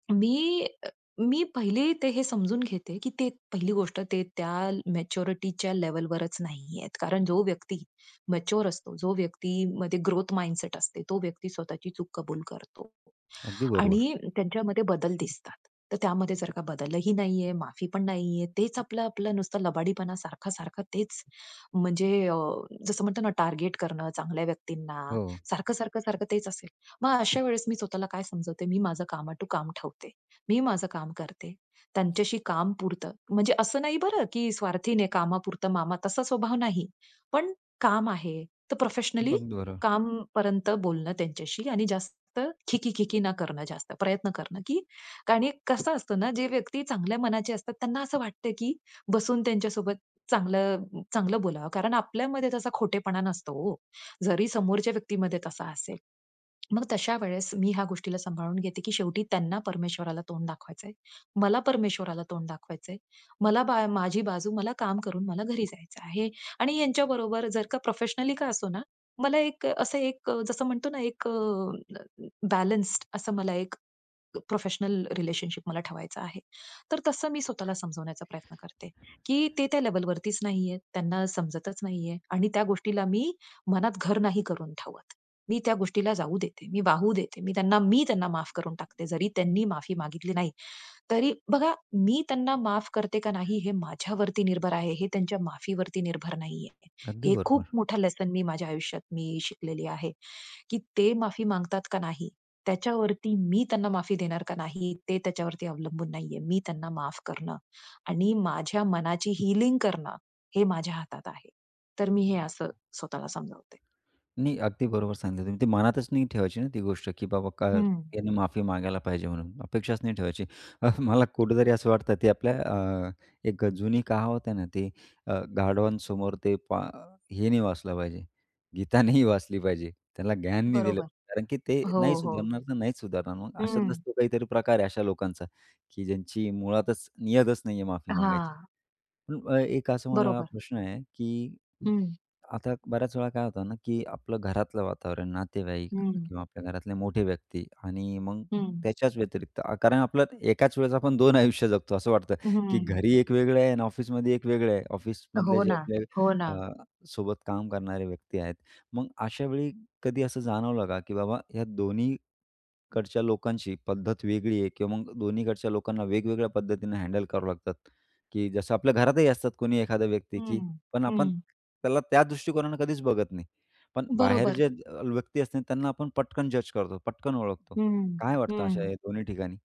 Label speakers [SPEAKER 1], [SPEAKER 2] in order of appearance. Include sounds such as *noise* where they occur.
[SPEAKER 1] मी अ, अ, मी पहिले ते हे समजून घेते की ते पहिली गोष्ट ते त्या ल मॅच्युरिटीच्या लेव्हलवरच नाहीयेत. कारण जो व्यक्ती मॅच्युअर असतो, जो व्यक्तीमध्ये ग्रोथ माइंडसेट असते, तो व्यक्ती स्वतःची चूक कबूल करतो
[SPEAKER 2] अगदी बरोबर.
[SPEAKER 1] आणि त्यांच्यामध्ये बदल दिसतात. तर त्यामध्ये जर का बदलही नाहीये, माफी पण नाहीये, तेच आपलं-आपलं नुसतं लबाडीपणा सारखा-सारखा तेच. म्हणजे अ, जसं म्हणतो ना, टार्गेट करणं, चांगल्या व्यक्तींना.
[SPEAKER 2] हो.
[SPEAKER 1] सारखं-सारखं, सारखं तेच असेल. मग अशा वेळेस मी स्वतःला काय समजवते मी माझं काम टू काम ठेवते. मी माझं काम करते. त्यांच्याशी कामपुरतं, म्हणजे असं नाही बरं की स्वार्थीने 'कामापुरतं मामा' तसा स्वभाव नाही. पण काम आहे, तर प्रोफेशनली
[SPEAKER 2] अगदी बरोबर.
[SPEAKER 1] कामपर्यंत बोलणं त्यांच्याशी आणि जास्त खी-खी खी-खी न करणं जास्त. प्रयत्न करणं, कारण की कसं असतं ना, जे व्यक्ती चांगल्या मनाचे असतात त्यांना असं वाटतं की बसून त्यांच्यासोबत चांगलं चांगलं बोलावं, कारण आपल्यामध्ये तसा खोटेपणा नसतो ओ. जरी समोरच्या व्यक्तीमध्ये तसा असेल. मग तशा वेळेस मी ह्या गोष्टीला सांभाळून घेते की शेवटी त्यांना परमेश्वराला तोंड दाखवायचंय. मला परमेश्वराला तोंड दाखवायचंय. मला बा माझी बाजू मला काम करून मला घरी जायचं आहे आणि यांच्याबरोबर जर का प्रोफेशनली का असो ना मला एक असं एक जसं म्हणतो ना एक अ, *unintelligible* बॅलन्स असं मला एक प्रोफेशनल रिलेशनशिप मला ठेवायचा आहे. तर तसं मी स्वतःला समजवण्याचा प्रयत्न करते, की ते त्या लेव्हलवरतीच नाहीयेत. त्यांना समजतच नाहीये. आणि त्या गोष्टीला मी मनात घर नाही करून ठेवत. मी त्या गोष्टीला जाऊ देते, मी वाहू देते. मी त्यांना, मी त्यांना माफ करून टाकते. जरी त्यांनी माफी मागितली नाही. तरी बघा, मी त्यांना माफ करते का नाही हे माझ्यावरती निर्भर आहे. हे त्यांच्या माफीवरती निर्भर नाहीये.
[SPEAKER 2] अगदी
[SPEAKER 1] हे खूप
[SPEAKER 2] बरोबर.
[SPEAKER 1] मोठं लेसन मी माझ्या आयुष्यात मी शिकलेली आहे, की ते माफी मागतात का नाही, त्याच्यावरती मी त्यांना माफी देणार का नाही, ते त्याच्यावरती अवलंबून नाहीये. मी त्यांना माफ करणं आणि माझ्या मनाची हीलिंग करणं, हे माझ्या हातात आहे. तर मी हे असं स्वतःला समजावते.
[SPEAKER 2] नाही. अगदी बरोबर सांगितलं. ते मनातच नाही ठेवायची ना, ती गोष्ट की बाबा काय?
[SPEAKER 1] हं.
[SPEAKER 2] यांनी माफी मागायला पाहिजे म्हणून. अपेक्षाच नाही ठेवायची. अ, मला कुठेतरी असं वाटतं की आपल्या अ, एक जुनी कहावत आहे ना ती अ, गाढवांसमोर ते पा हे नाही वाचलं पाहिजे, गीता नाही वाचली पाहिजे. त्याला ज्ञान नाही दिलं
[SPEAKER 1] बरोबर.
[SPEAKER 2] पाहिजे, कारण की ते
[SPEAKER 1] हो,
[SPEAKER 2] नाही
[SPEAKER 1] हो.
[SPEAKER 2] सुधारणार ना नाहीच सुधारणार मग. अशातलाच
[SPEAKER 1] हं.
[SPEAKER 2] तो काहीतरी प्रकार आहे अशा लोकांचा, की ज्यांची मुळातच नियतच नाहीये माफी मागायची.
[SPEAKER 1] हां.
[SPEAKER 2] अ, अ, एक असा मला
[SPEAKER 1] बरोबर.
[SPEAKER 2] प्रश्न आहे की
[SPEAKER 1] हं.
[SPEAKER 2] आता बऱ्याच वेळा काय होतं ना, की आपलं घरातलं वातावरण, नातेवाईक
[SPEAKER 1] हं.
[SPEAKER 2] किंवा आपल्या घरातले मोठे व्यक्ती आणि मग
[SPEAKER 1] हं.
[SPEAKER 2] त्याच्याच व्यतिरिक्त अ, कारण आपलं एकाच वेळेस आपण 2 आयुष्य जगतो. असं वाटतं, की
[SPEAKER 1] हं.
[SPEAKER 2] घरी एक वेगळं आहे आणि ऑफिसमध्ये एक वेगळं आहे. ऑफिसमधले
[SPEAKER 1] हो
[SPEAKER 2] जे
[SPEAKER 1] ना.
[SPEAKER 2] आपले
[SPEAKER 1] हो ना.
[SPEAKER 2] अ, सोबत काम करणारे व्यक्ती आहेत. मग अशावेळी कधी असं जाणवलं का की बाबा ह्या दोन्हीकडच्या लोकांची पद्धत वेगळी आहे किंवा मग दोन्हीकडच्या लोकांना वेगवेगळ्या पद्धतीने हँडल करावं लागतात, की जसं आपल्या घरातही असतात, कोणी एखादा व्यक्ती की
[SPEAKER 1] हं,
[SPEAKER 2] पण आपण
[SPEAKER 1] हं.
[SPEAKER 2] त्याला त्या दृष्टिकोनानं कधीच बघत नाही. पण बाहेर
[SPEAKER 1] बरोबर.
[SPEAKER 2] जे अ, व्यक्ती असते ना, त्यांना आपण पटकन जज करतो. पटकन ओळखतो.
[SPEAKER 1] हं,
[SPEAKER 2] काय वाटतं अशा
[SPEAKER 1] हं.
[SPEAKER 2] या दोन्ही ठिकाणी?